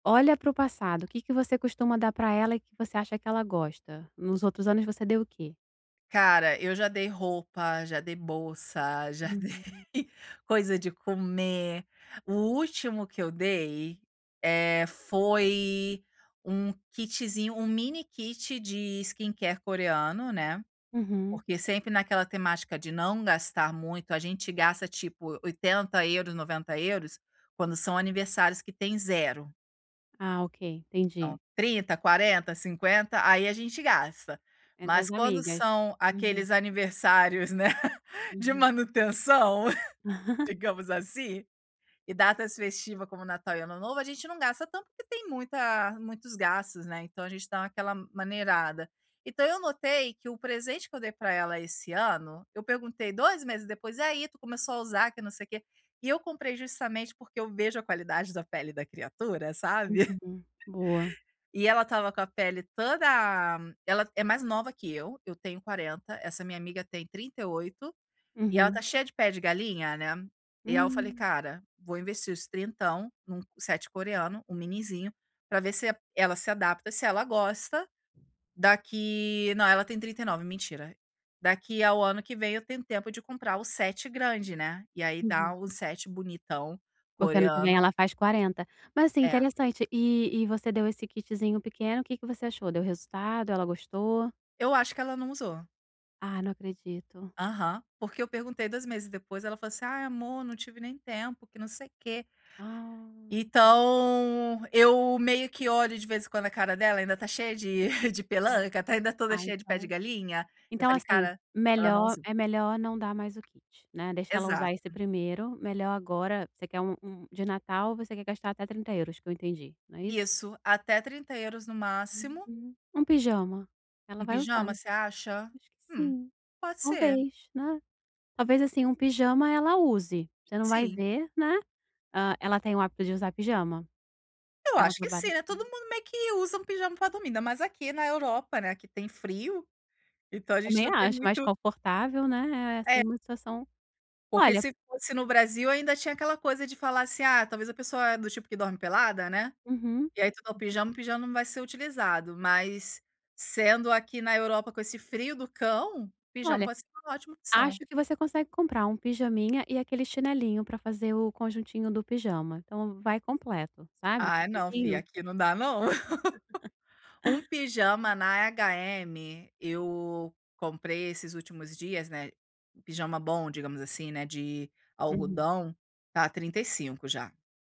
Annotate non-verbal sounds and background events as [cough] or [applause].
Olha para o passado, o que que você costuma dar para ela e que você acha que ela gosta? Nos outros anos você deu o quê? Cara, eu já dei roupa, já dei bolsa, já Uhum. dei coisa de comer. O último que eu dei, eh, foi um kitzinho, um mini kit de skincare coreano, né. Uhum. Porque sempre naquela temática de não gastar muito, a gente gasta tipo, 80 €, 90 €, quando são aniversários que tem 0. Ah, ok, Então entendi. 30, 40, 50, aí a gente gasta. Entre Mas as quando amigas. são Uhum. aqueles aniversários, né, de Uhum. manutenção, [laughs] [laughs] digamos assim. E datas festiva, como Natal e Ano Novo, a gente não gasta tanto, porque tem muita muitos gastos, né, então a gente dá aquela maneirada. Então eu notei que o presente que eu dei para ela esse ano, eu perguntei 2 meses depois: "Aí, tu começou a usar? Que não sei o quê", e eu comprei justamente porque eu vejo a qualidade da pele da criatura, sabe. [chuckles] Uhum. Boa. E ela estava com a pele toda ela é mais nova que eu, eu tenho 40, essa minha amiga tem 38, e ela Uhum. está cheia de pé de galinha, né. E aí eu falei: Hum. "Cara, vou investir os trintão num set coreano, um minizinho, para ver se e ela se adapta, se ela gosta, daqui" não ela tem 39, mentira. "Daqui ao ano que vem, eu tenho tempo de comprar o set grande, né, e aí dá Uhum. o set bonitão Porque ano que vem coreano". ela faz 40. Mas assim, É. interessante. E e você deu esse kitzinho pequeno, que que você achou, deu resultado, ela gostou? Eu acho que ela não usou. Ah, não acredito. Aham. Porque eu perguntei 2 meses depois, ela falou assim: "Ai amor, não tive nem tempo, que não sei quê". Ah. Então eu meio que olho de vez em quando a cara dela, ainda está cheia de [chuckles] de Hum. pelanca, está ainda toda Ah, cheia de pé de então galinha. Eu então falei: assim, "Cara, ela não melhor usou". é melhor não dar mais o kit, né, deixa ela usar esse Exato. primeiro, melhor agora você quer um um de Natal, você quer gastar até 30 €, que eu entendi, não é isso? Isso, até 30 € no máximo. Uhum. Um pijama, ela Um vai usar. pijama, você acha? Acho que Hum, sim. pode ser. Talvez, né, talvez assim, um pijama ela use. Você não vai Sim. ver, né. Hã, ela tem o hábito de usar pijama? Eu Ela acho que sim, trabalha eh, todo [unintelligible] mundo meio que usa um pijama para dormir, ainda mais aqui na Europa, né, que tem frio, então a gente Também não tem acho, mais muito confortável, né, eh, assim É. uma situação. Porque Olha se fosse no Brasil, ainda tinha aquela coisa de falar assim: "Ah, talvez a pessoa é do tipo que dorme pelada, né". Uhum. E aí tu dá o pijama, o pijama não vai ser utilizado, mas sendo aqui na Europa, com esse frio do cão, pijama Olha, pode ótima acho opção. que você consegue comprar um pijaminha e aquele chinelinho, para fazer o conjuntinho do pijama, então vai completo, sabe, o Ai não, fia, kitzinho. aqui não dá não. [laughs] [laughs] Um pijama na HM, eu comprei esses últimos dias, né, pijama bom, digamos assim, né, de Uhum. algodão, está 35, já.